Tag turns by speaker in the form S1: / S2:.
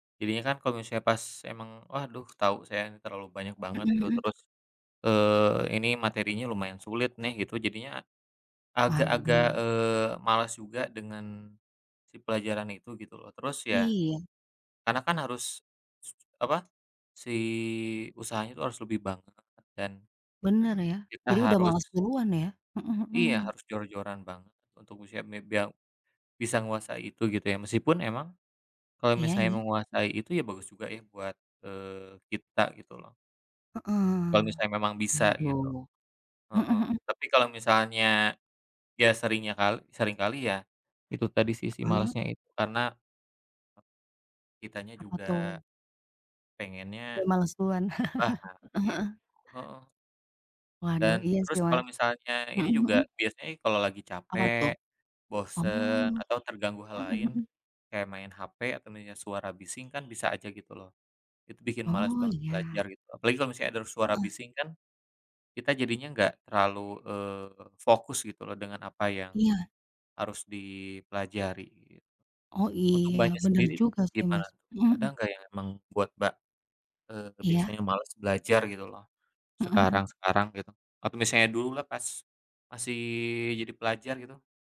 S1: Jadinya kan kalo misalnya pas emang, Waduh, tau saya ini terlalu banyak banget gitu,
S2: Heeh.
S1: terus, eee, ini materinya lumayan sulit nih gitu jadinya agak-agak,
S2: Waduh.
S1: eee, malas juga dengan si pelajaran itu, gitu loh. Terus ya,
S2: Iya.
S1: karena kan harus s apa, si usahanya itu harus lebih banget dan
S2: Benar ya,
S1: kita
S2: jadi udah
S1: harus
S2: males duluan ya, heeh
S1: Iya,
S2: heeh.
S1: harus jor-joran banget, untuk misalnya mi biar bisa menguasai itu gitu ya, meskipun emang, kalau
S2: Iya
S1: misalnya
S2: iya.
S1: menguasai itu ya bagus juga ya, buat, eee, kita gitu loh.
S2: Heeh,
S1: Kalau misalnya memang bisa gitu,
S2: waduh, heeh
S1: heeh.
S2: heeh.
S1: Tapi kalau misalnya, ya seringnya, kal sering kali ya, itu tadi sih sih
S2: Heeh.
S1: malesnya itu karena ...kitanya
S2: Apa
S1: juga
S2: tuh? Udah
S1: pengennya,
S2: males duluan,
S1: lah harus
S2: heeh
S1: gitu,
S2: heeh.
S1: heeh.
S2: Waduh
S1: Dan
S2: iya sih
S1: terus kalo
S2: Mas,
S1: misalnya ini
S2: mhm mhm.
S1: juga biasanya kalo lagi
S2: Apa tuh?
S1: capek,
S2: Oh.
S1: bosen, atau terganggu hal
S2: Mhm
S1: lain,
S2: mhm.
S1: kayak main HP atau mendengar suara bising kan bisa aja gitu loh, itu bikin males
S2: Oh
S1: banget belajar
S2: iya.
S1: gitu. Apalagi kalau misalnya ada suara
S2: Heeh.
S1: bising kan, kita jadinya enggak terlalu, eee, fokus gitu loh dengan apa yang
S2: Iya.
S1: harus dipelajari, gitu.
S2: Oh
S1: Untuk
S2: iya,
S1: Mbaknya
S2: benar
S1: sendiri
S2: juga sih
S1: gimana
S2: Mas,
S1: tuh, ada
S2: mhm.
S1: enggak yang emang buat Mbak, eee,
S2: Iya.
S1: biasanya males belajar gitu loh,
S2: Mhm mhm.
S1: sekarang-sekarang gitu, atau misalnya dululah, pas masih jadi pelajar gitu?